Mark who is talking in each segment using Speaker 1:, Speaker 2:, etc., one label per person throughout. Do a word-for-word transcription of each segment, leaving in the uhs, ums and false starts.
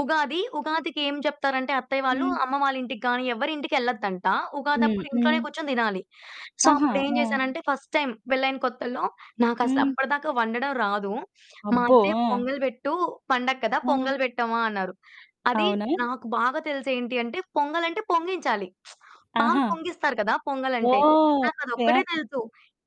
Speaker 1: ఉగాది, ఉగాదికి ఏం చెప్తారంటే అత్తయ్య వాళ్ళు,
Speaker 2: హ్మ్.
Speaker 1: అమ్మ వాళ్ళింటికి గానీ, ఎవ్వరింటికెళ్ళద్దంట,
Speaker 2: హ్మ్.
Speaker 1: ఉగాదప్పుడు ఇంట్లోనే
Speaker 2: హ్మ్.
Speaker 1: కూర్చొని దినాలి. సో,
Speaker 2: ఆహా!
Speaker 1: అప్పుడేం
Speaker 2: ఆ!
Speaker 1: జేసానంటే, ఫస్ట్ టైమ్ పెళ్ళైన కొత్తల్లో,
Speaker 2: హ్మ్.
Speaker 1: నాకసలప్పడదాకా వండడం రాదు. మా
Speaker 2: అబ్బో!
Speaker 1: అత్తయ్య
Speaker 2: ఆ!
Speaker 1: పొంగల్ బెట్టూ, "పండగ కదా
Speaker 2: ఆ!
Speaker 1: పొంగల్ పెట్టమ్మా" అన్నారు. అది
Speaker 2: అవునా!
Speaker 1: నాకు బాగా తెలిసి ఏంటి అంటే, పొంగలంటే పొంగించాలి. పాలు
Speaker 2: ఆహా!
Speaker 1: పొంగిస్తారు కదా పొంగలంటే.
Speaker 2: ఓహ్! ఓకే. ఆ!
Speaker 1: నాకదొక్కటే తెలుసు.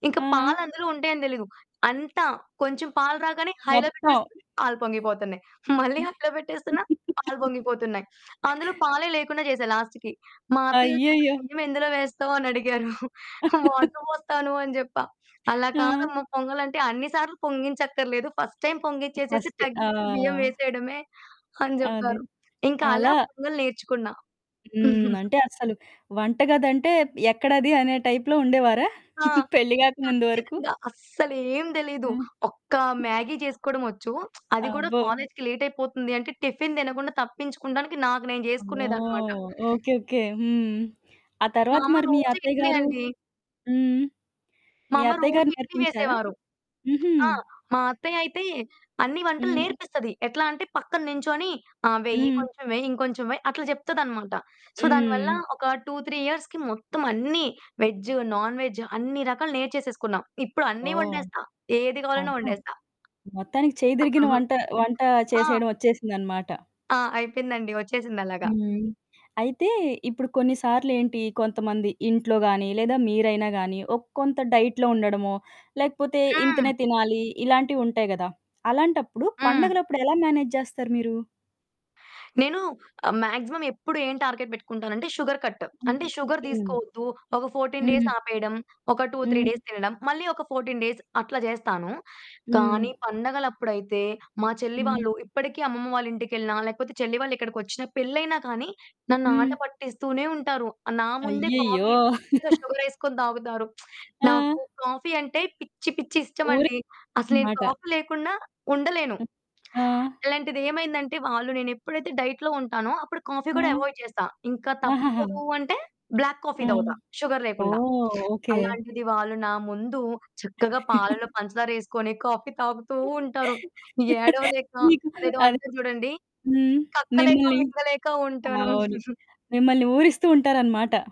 Speaker 1: ఇంక
Speaker 2: ఆ!
Speaker 1: పాలందులో ఉంటాయని దెలీదు. అంత కొంచెం పాలు రాగానే హైలో
Speaker 2: మొత్తం.
Speaker 1: పెట్టేస్తే, పాలు పొంగిపోతన్నాయి. మళ్ళీ
Speaker 2: హ్మ్.
Speaker 1: హైలో పెట్టేస్తున్న పాలు పొంగిపోతున్నాయి. అందులో పాలే లేకుండా జేశా లాస్ట్‌కి. మా అత్తయ్యొచ్చాక
Speaker 2: అయ్యయ్యో!
Speaker 1: బియ్యమెందులో వేస్తావనడిగారు. వాటర్ బోస్తాను అని జెప్పా. "అలా
Speaker 2: ఆ!
Speaker 1: కాదమ్మా పొంగలంటే, అన్ని సార్లు పొంగించక్కర్లేదు, ఫస్ట్ టైమ్ పొంగిచ్చేసేసి,
Speaker 2: ఫస్ట్.
Speaker 1: తగ్గిచ్చి బియ్యం
Speaker 2: ఆ!
Speaker 1: వేసేయడమే" అని
Speaker 2: అది.
Speaker 1: జెప్పారు. ఇంక అలా
Speaker 2: అలా
Speaker 1: పొంగల్ నేర్చుకున్నా.
Speaker 2: హ్మ్. అంటే, అసలు వంటగదంటే ఎక్కడది అనే టైప్‌లో ఉండేవారా
Speaker 1: ఆ!
Speaker 2: పెళ్లి గాక ముందు వరకు?
Speaker 1: ఖచ్చితంగా. అస్సలేం దెలీదు.
Speaker 2: హ్మ్.
Speaker 1: ఒక్క మ్యాగీ చేసుకోవడమొచ్చు, అది గూడా
Speaker 2: అబ్బో!
Speaker 1: కాలేజికి లేటయిపోతుంది అంటే, టిఫిన్ దినకుండా తప్పించుకుండానికి నాకు నేను జేసుకునేదనమాట.
Speaker 2: ఓహ్! ఓకే. ఓకే. హ్మ్. ఆ
Speaker 1: మా
Speaker 2: తర్వాత
Speaker 1: అమ్మ
Speaker 2: మరి మీ
Speaker 1: రోజు
Speaker 2: అత్తయ్య
Speaker 1: ఇడ్లే
Speaker 2: గారు
Speaker 1: అండి.
Speaker 2: హ్మ్.
Speaker 1: మా
Speaker 2: మీ
Speaker 1: అమ్మ
Speaker 2: అత్తయ్య
Speaker 1: రోజు
Speaker 2: గారు
Speaker 1: ఇడ్లీ
Speaker 2: నేర్పించారా?
Speaker 1: వేసేవారు.
Speaker 2: హుహు.
Speaker 1: ఆ! మా అత్తయ్యయితే, అన్నీ వంటలు
Speaker 2: హ్మ్.
Speaker 1: నేర్పిస్తది. ఎట్లా అంటే, పక్కన నించోని "ఆ! వెయ్యి,
Speaker 2: హ్మ్.
Speaker 1: ఇంకొంచెం వెయి, ఇంకొంచెం వెయి," అట్ల జెప్తదనమాట. సో, దాని వల్లా
Speaker 2: హ్మ్.
Speaker 1: ఒక టు త్రీ ఇయర్స్‌కి మొత్తమన్నీ వెజ్, నాన్ వెజ్, అన్ని రకాలు నేర్చేసేసుకున్నా. ఇప్పుడన్నీ
Speaker 2: ఓహ్!
Speaker 1: వండేస్తా, ఏది గావాలన్నా
Speaker 2: అబ్బో!
Speaker 1: వండేస్తా.
Speaker 2: మొత్తానికి చెయ్యి దిరిగిన వంట వంటా
Speaker 1: ఆ!
Speaker 2: చేసేయడం ఒచ్చేసిందనమాట.
Speaker 1: ఆ! అయిపెయిందండి. ఒచ్చేసిందలాగా.
Speaker 2: హ్మ్. అయితే, ఇప్పుడు కొన్ని సార్లేంటి, కొంతమంది ఇంట్లో గానీ, లేదా మీరైనా గానీ, ఒక కొంత డైట్‌లో ఉండడమో, లేకపోతే
Speaker 1: హ్మ్.
Speaker 2: ఇంతనే తినాలి, ఇలాంటివుంటాయి గదా! అలాంటప్పుడు,
Speaker 1: హ్మ్.
Speaker 2: పండగలప్పుడు ఎలా మేనేజ్ జేస్తారు మీరు?
Speaker 1: నేను ఆహ్, మాగ్జిమం ఎప్పుడు ఏం టార్గెట్ బెట్టుకుంటానంటే, షుగర్ కట్.
Speaker 2: హ్మ్.
Speaker 1: అంటే, షుగర్
Speaker 2: హ్మ్.
Speaker 1: దీసుకోవద్దు. ఒక ఫోర్టీన్
Speaker 2: హుహు.
Speaker 1: డేసాపేయడం, ఒక టూ త్రీ
Speaker 2: హ్మ్.
Speaker 1: డేస్ తినడం. మళ్ళీ ఒక ఫోర్టీన్ డేస్, అట్లా జేస్తాను, కానీ
Speaker 2: హ్మ్.
Speaker 1: పండగలప్పుడైతే మా చెల్లి
Speaker 2: హ్మ్.
Speaker 1: వాళ్ళు, ఇప్పడికీ అమ్మమ్మ వాళ్ళింటికెళ్ళినా, లేకపోతే చెల్లి వాళ్ళిక్కడికొచ్చినా, పెళ్లయినా కానీ, నన్ను
Speaker 2: హ్మ్.
Speaker 1: ఆటపట్టిస్తూనే ఉంటారు. నా ముందే
Speaker 2: అయ్యయ్యో!
Speaker 1: కాఫీ మంచిగా షుగరేసుకొని దాగుతారు.
Speaker 2: ఆ!
Speaker 1: నాకు కాఫీ అంటే పిచ్చి పిచ్చి
Speaker 2: ఊరి
Speaker 1: ఇష్టమండి. అసలు నేను
Speaker 2: అనమాట.
Speaker 1: కాఫీ లేకుండా ఉండలేను.
Speaker 2: అ ఆ!
Speaker 1: అలాంటిదేమైందంటే, వాళ్ళు నేనెప్పుడైతే డైట్‌లో ఉంటానో అప్పుడు కాఫీ
Speaker 2: ఆ!
Speaker 1: కూడా ఎవాయిడ్ చేస్తా. ఇంక
Speaker 2: ఆహహా!
Speaker 1: తప్పదు అంటే, బ్లాక్ కాఫీ
Speaker 2: ఆ!
Speaker 1: దాగుతా షుగర్ లేకుండా.
Speaker 2: ఓహ్! ఓకే.
Speaker 1: అలాంటిది వాళ్ళు నా ముందు చక్కగా పాలలో పంచదారేసుకొని కాఫీ తాగుతూ ఉంటారు. ఏడవలేక,
Speaker 2: మీకు
Speaker 1: అదేదో
Speaker 2: అదె
Speaker 1: అంటారు జూడండి,
Speaker 2: హ్మ్.
Speaker 1: కక్కలేక
Speaker 2: మిమ్మల్ని
Speaker 1: మింగలేక ఉంటాను.
Speaker 2: అవును. మిమ్మల్ని ఊరిస్తూ ఉంటారనమాట.